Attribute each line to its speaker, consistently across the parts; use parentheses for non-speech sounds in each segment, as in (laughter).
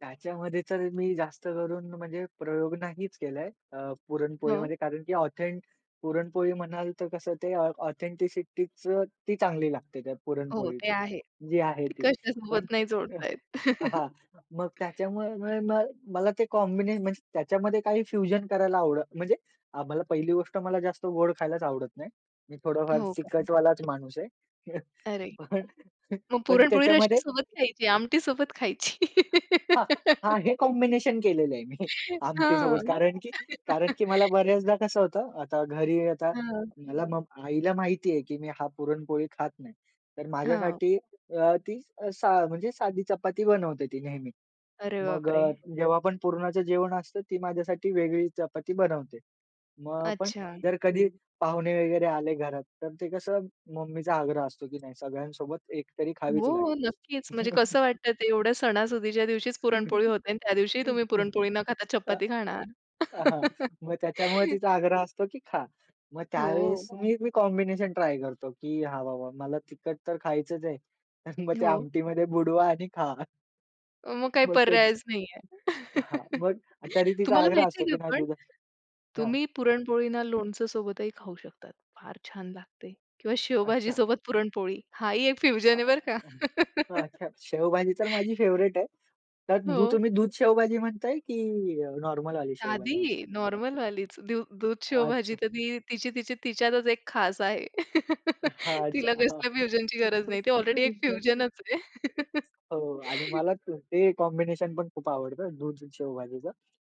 Speaker 1: त्याच्यामध्ये तर मी जास्त करून म्हणजे प्रयोग नाहीच केलाय. अ,
Speaker 2: हो.
Speaker 1: पुरणपोळीमध्ये कारण की ऑथेंट पुरणपोळी म्हणाल, तर कसं ते ऑथेंटिसिटीच ती चांगली लागते. त्या
Speaker 2: हो. ते
Speaker 1: पुरणपोळीची,
Speaker 2: आहे.
Speaker 1: जी आहे
Speaker 2: ते
Speaker 1: ती. पण
Speaker 2: कशासोबत नाही
Speaker 1: अ,
Speaker 2: जोडत आहेत.
Speaker 1: आहा. मग त्याच्यामुळे मुळे मग मला ते कॉम्बिने म्हणजे त्याच्यामध्ये काही फ्युजन करायला आवड म्हणजे, आम्हाला पहिली गोष्ट मला जास्त गोड खायलाच आवडत नाही. मी थोडाफार
Speaker 2: हो का?
Speaker 1: तिकटवालाच माणूस आहे.
Speaker 2: अरे!
Speaker 1: पण
Speaker 2: मग
Speaker 1: पण
Speaker 2: पुरणपोळी
Speaker 1: त्याच्यामध्ये
Speaker 2: रस्यासोबत खायची, आमटी सोबत खायची.
Speaker 1: हां, हां.
Speaker 2: (laughs)
Speaker 1: हे कॉम्बिनेशन केलेलं आहे मी.
Speaker 2: हां.
Speaker 1: आमटीसोबत कारण की कारण
Speaker 2: (laughs)
Speaker 1: की मला बऱ्याचदा कसं होतं, आता घरी आता
Speaker 2: हं.
Speaker 1: मला मग आईला माहिती आहे, की मी हा पुरणपोळी खात नाही. तर
Speaker 2: हां.
Speaker 1: माझ्यासाठी अ, ती असा म्हणजे साधी चपाती बनवते ती नेहमी.
Speaker 2: अरे
Speaker 1: मग
Speaker 2: बाप रे!
Speaker 1: अ, जेव्हा आपण पुरणाचं जेवण असतं, ती माझ्यासाठी वेगळी चपाती बनवते. मग आपण
Speaker 2: अच्छा.
Speaker 1: जर कधी पाहुणे वगैरे आले घरात. तर ते कसं मम्मीचा आग्रह असतो, की नाही, सगळ्यांसोबत एकतरी खावीच
Speaker 2: हो.
Speaker 1: लागेल.
Speaker 2: नक्कीच. म्हणजे कसं वाटतं? ते एवढ्या सणासुदीच्या दिवशीच पुरणपोळी
Speaker 1: (chuckles)
Speaker 2: होते अन् त्यादिवशीही तुम्ही
Speaker 1: (laughs)
Speaker 2: पुरणपोळी न खाता,
Speaker 1: त
Speaker 2: चपाती खाणार.
Speaker 1: अहा, मग त्याच्यामुळे
Speaker 2: (laughs)
Speaker 1: तिचा आग्रह असतो, की खा. मग त्यावेळेस
Speaker 2: हो.
Speaker 1: मी मी कॉम्बिनेशन ट्राय करतो, की हा बाबा मला तिखट तर खायचंच आहे. तर मग ते
Speaker 2: हो.
Speaker 1: आमटीमध्ये बुडवा आणि खा.
Speaker 2: अ, मग काय
Speaker 1: मग तेच.
Speaker 2: पर्यायच नाहीये.
Speaker 1: हां.
Speaker 2: (chuckles)
Speaker 1: मग तरी तीचा
Speaker 2: तुम्हाला
Speaker 1: आग्रह
Speaker 2: माहिती
Speaker 1: असतो,
Speaker 2: आहे का?
Speaker 1: की नाही
Speaker 2: पण,
Speaker 1: दुधाच हां.
Speaker 2: तुम्ही पुरणपोळीना लोणचं सोबतही खाऊ शकतात, फार छान लागते किंवा शेवभाजी
Speaker 1: अच्छा.
Speaker 2: सोबत पुरणपोळी हा ही एक
Speaker 1: (unintelligible)
Speaker 2: फ्युजन आहे, बरं का.
Speaker 1: हं.
Speaker 2: (chuckles)
Speaker 1: अच्छा. शेवभाजी तर माझी फेवरेट आहे. त्या दू
Speaker 2: हो.
Speaker 1: तुम्ही दूध शेवभाजी म्हणताय की अ, नॉर्मलवाली शेवभाजी
Speaker 2: साधी,
Speaker 1: म्हणताय?
Speaker 2: नॉर्मलवालीच. दू दूध शेवभाजी
Speaker 1: अच्छा.
Speaker 2: तर ती तिची-तिची तिच्यातच एक खास आहे. (chuckles)
Speaker 1: हां. अच्छा.
Speaker 2: तिला
Speaker 1: हां.
Speaker 2: कसल्या फ्युजनची गरज नाही. ती
Speaker 1: हो
Speaker 2: ऑलरेडी एक
Speaker 1: ना.
Speaker 2: फ्युजनच आहे. (chuckles)
Speaker 1: हो, आणि मला त ते कॉम्बिनेशन पण खूप आवडत, दूध शेवभाजीचं.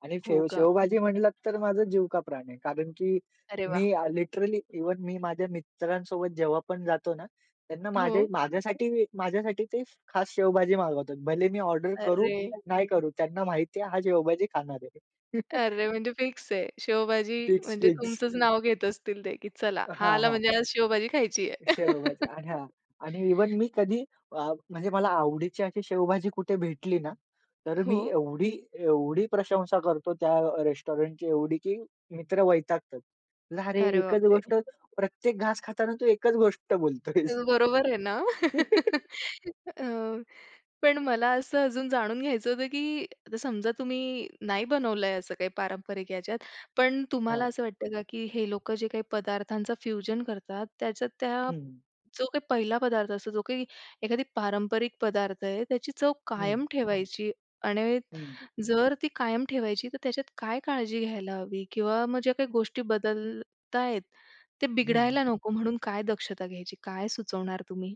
Speaker 1: आणि
Speaker 2: हो
Speaker 1: फेव
Speaker 2: का?
Speaker 1: शेवभाजी म्हणलात तर माझं जीव का प्राण आहे. कारण की
Speaker 2: अरे वाह!
Speaker 1: मी आ, लिटरली इव्हन मी माझ्या मित्रांसोबत जेव्हा पण जातो ना. त्यांना माझ्या
Speaker 2: हो.
Speaker 1: माझ्यासाठी माझ्यासाठी ते खास शेवभाजी मागवतात. भले मी ऑर्डर करू,
Speaker 2: अरे!
Speaker 1: नाही करू, त्यांना माहिती आहे हा शेवभाजी खाणार आहे.
Speaker 2: अरे!
Speaker 1: (chuckles)
Speaker 2: म्हणजे फिक्स आहे. शेवभाजी
Speaker 1: फिक्स,
Speaker 2: म्हणजे
Speaker 1: फिक्स.
Speaker 2: तुमचंच नाव घेत असतील ते, की चला, हा
Speaker 1: हां,
Speaker 2: आला
Speaker 1: हां.
Speaker 2: म्हणजे आज शेवभाजी खायची आहे.
Speaker 1: शेवभाजी
Speaker 2: (chuckles)
Speaker 1: आणा. आणि इव्हन मी कधी अ, म्हणजे मला आवडीची अशी शेवभाजी कुठे भेटली ना, तर मी
Speaker 2: हो.
Speaker 1: एवढी, एवढी प्रशंसा करतो, त्या रेस्टॉरंटची एवढी, की मित्र वैतागतात. "जारे
Speaker 2: अरे
Speaker 1: एकच
Speaker 2: बापरे!
Speaker 1: गोष्ट, प्रत्येक घास खाताना, तू एकच गोष्ट बोलतो आहेस."
Speaker 2: तेच बरोबर आहे ना? (laughs)
Speaker 1: (laughs)
Speaker 2: अ, पण मला असं अजून जाणून घ्यायचं होतं, की आता समजा तुम्ही नाही बनवलंय, असं काही पारंपरिक याच्यात. पण तुम्हाला
Speaker 1: हां.
Speaker 2: असं वाटतं का? की हे लोकं जे काही पदार्थांचा फ्युजन करतात, त्याच्यात त्या
Speaker 1: हम्म.
Speaker 2: जो का पहिला पदार्थ असतो, जो काही एखादी पारंपरिक पदार्थ आहे, त्याची चव
Speaker 1: हम्म.
Speaker 2: कायम ठेवायची. आणि
Speaker 1: हम्म.
Speaker 2: जर ती कायम ठेवायची, तर त्याच्यात काय काळजी घ्यायला हवी? किंवा मग ज्या काही गोष्टी बदलत आहेत. ते
Speaker 1: हं,
Speaker 2: बिघडायला
Speaker 1: हं.
Speaker 2: नको, म्हणून काय दक्षता घ्यायची, काय सुचवणार तुम्ही?